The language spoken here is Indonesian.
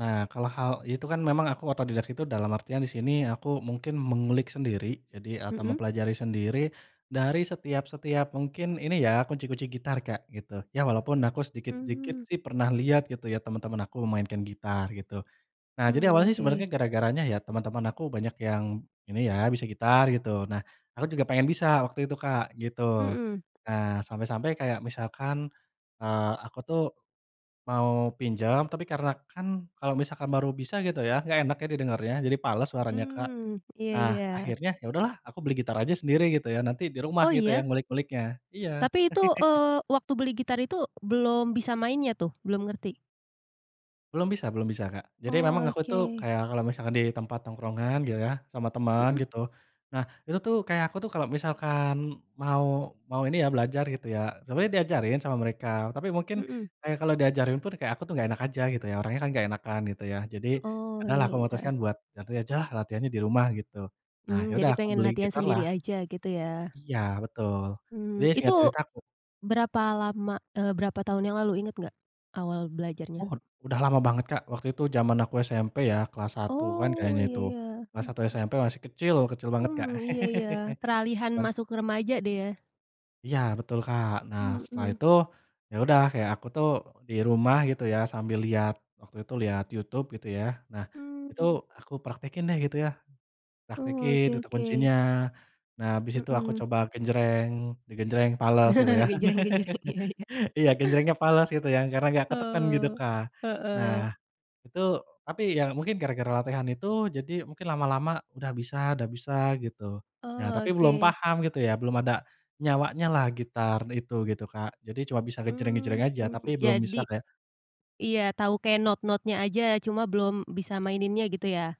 Nah kalau hal itu kan memang aku otodidak itu, dalam artian di sini aku mungkin mengulik sendiri jadi atau Mhm. mempelajari sendiri dari setiap setiap mungkin ini ya, kunci-kunci gitar Kak gitu. Iya walaupun aku sedikit-sedikit Mhm. sih pernah lihat gitu ya, teman-teman aku memainkan gitar gitu. Nah jadi Mmm, awalnya oke. sebenarnya gara-garanya ya teman-teman aku banyak yang ini ya, bisa gitar gitu. Nah aku juga pengen bisa waktu itu Kak, gitu. Mmm. Nah sampai-sampai kayak misalkan, eee, aku tuh mau pinjam, tapi karena kan kalau misalkan baru bisa gitu ya, enggak enak ya didengarnya. Jadi fales suaranya Kak. Mmm, Nah iya-iya. akhirnya, ya sudah lah aku beli gitar aja sendiri gitu ya, nanti di rumah Oh gitu iya? yang ngulik-nguliknya, iya. Tapi itu, eee, waktu beli gitar itu belum bisa mainnya tuh, belum ngerti? Belum bisa belum bisa Kak. Jadi memang Oh, aku tuh oke. kayak kalau misalkan di tempat tongkrongan gitu ya, sama teman Mhm. gitu. Nah itu tuh kayak aku tuh kalau misalkan mau mau ini ya, belajar gitu ya, sebenernya diajarin sama mereka, tapi mungkin Mmm. kayak kalau diajarin pun kayak aku tuh enggak enak aja gitu ya, orangnya kan enggak enakan gitu ya. Jadi, ya Oh, udahlah, iya aku iya. memutuskan buat nanti ajalah latihannya di rumah gitu. Nah iya Mmm, jadi sudah aku pengen beli latihan gitar lah. sendiri aja gitu ya? Iya betul. Jadi Mmm itu, singkat cerita, aku berapa lama, eee, berapa tahun yang lalu inget enggak awal belajarnya? Oh, udah lama banget Kak, waktu itu jaman aku SMP ya kelas 1-an Oh kayaknya iya itu. iya, Kelas 1 mhm. SMP masih kecil, kecil banget Kak. Mmm iya iya, peralihan Dan masuk remaja deh ya? Iya betul Kak. Nah setelah Mhm. itu, ya udah kayak aku tuh di rumah gitu ya sambil lihat waktu itu lihat YouTube gitu ya. Nah itu Mmm. aku praktekin deh gitu ya, Oh, praktekin oke bentuk oke. kuncinya. Nah habis itu aku Mhm. coba genjreng, di genjreng, fales gitu ya. Genjreng-genjreng, iya iya. Iya genjrengnya fales gitu ya, karena enggak ketekan gitu Oh, Kak. Nah heeh. itu tapi ya mungkin gara-gara latihan itu, jadi mungkin lama-lama udah bisa udah bisa gitu. Nah, Oh, tapi belum oke. paham gitu ya, belum ada nyawanya lah gitar itu, gitu Kak. Jadi cuma bisa gejreng-gejreng Mmm aja, tapi belum bisa jadi kayak iya tahu kayak not-notnya aja cuma belum bisa maininnya gitu ya?